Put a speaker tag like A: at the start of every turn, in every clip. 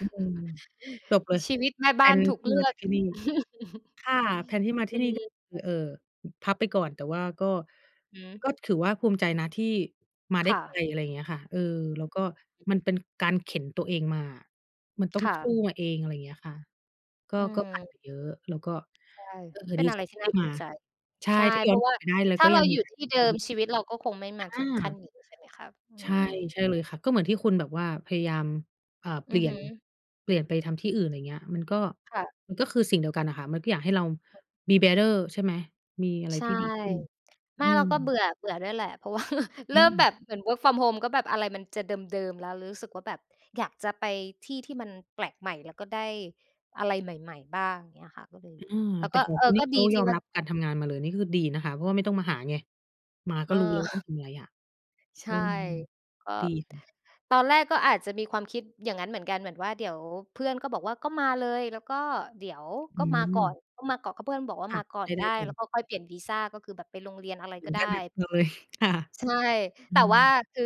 A: อืม จบเลย
B: ชีวิตแม่
A: แ
B: บ
A: พล
B: ้าน
A: น
B: ถู
A: ท
B: ก
A: ี่
B: เล
A: ม
B: ื
A: า
B: อ
A: จา
B: ก
A: กที่นี่ ค่ะ แพลนที่มา
B: อ
A: ท
B: ื
A: ี่นี่
B: ม
A: เอ่อ พับไปก่อน แต่ว่าก็
B: อืม
A: ก็ถือว่าภูมิใจนะ ที่ มาได
B: ค
A: ้
B: ่
A: ไก
B: ะ
A: ล อะไรอย่างเงี้ยค่ะ เอ่อ แล้วก็มันเป็นการเข็นตัวเองมาอะ มันต้อ
B: ค
A: ง
B: ่
A: ส
B: ะ
A: ู้มาเอง อะไรอย่างเงี้ยค่ะ ก็
B: อื
A: ก็ผ่านไ
B: ม
A: ปเยอะ แล้วก็
B: ใช่
A: เอ่อ
B: เป็
A: ด
B: น
A: ี
B: อะ
A: ใ
B: ไ
A: จ
B: รท
A: ท
B: ี่
A: ี่
B: น
A: ไ
B: ่
A: ด
B: า
A: ้
B: ภู
A: มา
B: มิใจ
A: ใช่
B: ใช่
A: ถ้า
B: เ
A: ย
B: พ
A: ้อ
B: รา
A: น
B: ะว
A: กล
B: ่
A: ั
B: า
A: บไปได้ เรา
B: ถ้า
A: ก็
B: เร
A: ยั
B: า
A: ง
B: อ
A: ด
B: ย
A: ี
B: ู่
A: ใจ
B: ที่เดิม ชีวิตเราก็คงไม่
A: อ
B: มาถ
A: า
B: ึงขั้นนี้ ใช่ไหมครับ อื
A: ใช่
B: ม?
A: ใช่เลยค่ะ ก็เหมือนที่คุณแบบว่าพยายาม อ่า เ
B: อ
A: ป
B: ื
A: ลี
B: อ
A: ่
B: ฮ
A: ย
B: ึ
A: น เปลี่ยนไปทำที่อื่น อะไรอย่างเงี้ย มันก็
B: ค่ะ
A: มันก็คือสิ่งเดียวกันอะค่ะ มันก็อยากให้เรา มี bearer ใช่ไหม มีอะไร
B: ใช่
A: ที่ดีขึ้น
B: ไม
A: อ
B: ่
A: ื
B: เร
A: ม
B: าก็เบื่อ เบื่อด้วยแหละ เพราะ ว่า เ
A: อ
B: ริ่มแบ
A: ืม
B: บเหมือน work from home ก็แบบอะไรมันจะเดิม ๆ แล้ว รู้สึกว่าแบบอยากจะไปที่ที่มันแปลกใหม่ แล้วก็ได้อะไรใหม่ ๆ บ้างเงี้ยค่ะ ก็เลย
A: อืม
B: แล้ว
A: แต่
B: ก็
A: ขอ
B: เ
A: ง
B: อ่อ
A: คุณน
B: ก
A: ี่
B: ็
A: เข
B: ดี
A: า
B: ท
A: ย
B: ี่
A: อม
B: ว่า
A: รับ การทำงานมาเลย นี่คือดีนะคะ เพราะว่าไม่ต้องมาหาไง มาก็รู้แล้ว ว่าต้อง
B: เออ
A: ทำอะไรอะ
B: ใช
A: เอ
B: ่
A: อ
B: ก็
A: ดีค่ะ
B: ตอนแรก ก็อาจจะมีความคิด อย่างนั้นเหมือนกัน เหมือนว่า เดี๋ยวเพื่อนก็บอกว่า ก็มาเลย แล้วก็เดี๋ยว ก
A: อื
B: ็มาก่อน
A: ม
B: ก็มาเกาะ ก็เพื่อนบอกว่า
A: ค่ะ
B: มาก่อ
A: ให
B: น
A: ้ไ
B: ไ
A: ด
B: ด
A: ้
B: ้
A: ก่อ
B: แล้
A: น
B: วก็ค่อยเปลี่ยนวีซา ก็คือแบบไปลงเรียนอะไร
A: เหม
B: ก
A: ื
B: ็
A: อน
B: ได
A: กั
B: ้
A: นนะ เอาเลยค่ะ
B: ใช่
A: อื
B: แต่ว่า
A: ม
B: คือ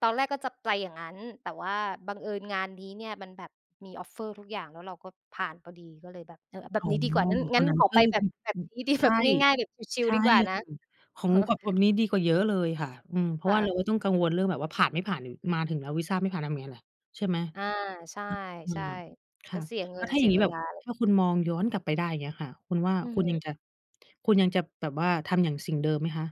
B: ตอนแรก ก็จะไปอย่างนั้น แต่ว่าบังเอิญงานนี้เนี่ย มันแบบมี Offer ทุกอย่าง แล้วเราก็ผ่านพอดี ก็เลยแบบ เอ่อ แบ
A: อ
B: บ
A: ๋อ
B: นี้ดีกว่า งั้น งั้นขอไปแบบ
A: [unintelligible]
B: แบบนี้ ดี
A: ใช
B: แบบ
A: ่
B: ง่าย ๆ แบบชิ
A: ใ
B: ล
A: ช
B: ๆ
A: ่
B: ดีกว่านะ
A: [unintelligible] ข
B: อ
A: อ
B: ะ
A: ง
B: ฮะ
A: [unintelligible] นี้ดีกว่าเยอะเลยค่ะ อืม เพร
B: ค
A: าะ
B: ่
A: ว่าเร
B: ะ
A: าก็ต้องกังวล เรื่องแบบว่าผ่าน ไม่ผ่าน ม มาถึงแล้ววีซาไม่ผ่านทำไงล่ะ? ใช่ไหม
B: อ่า ใช่
A: [unintelligible] อื
B: ใช่
A: ม ค
B: ก็
A: ่ะ
B: เสียเ
A: แ
B: ง
A: ล
B: ิ
A: ้ว
B: น
A: ถ้า
B: เ
A: อ
B: สี
A: ย่า
B: ย
A: งงี
B: เ
A: ้
B: ว
A: แบ
B: ล
A: บ
B: า
A: ถ้าคุณมองย้อนกลับไปได้ อย่างเงี้ยค่ะ คุณว่า
B: อือ
A: คุ
B: ฮ
A: ณยั
B: ึ
A: งจะ คุณยังจะแบบว่าทำอย่าง สิ่งเดิมไหมคะ?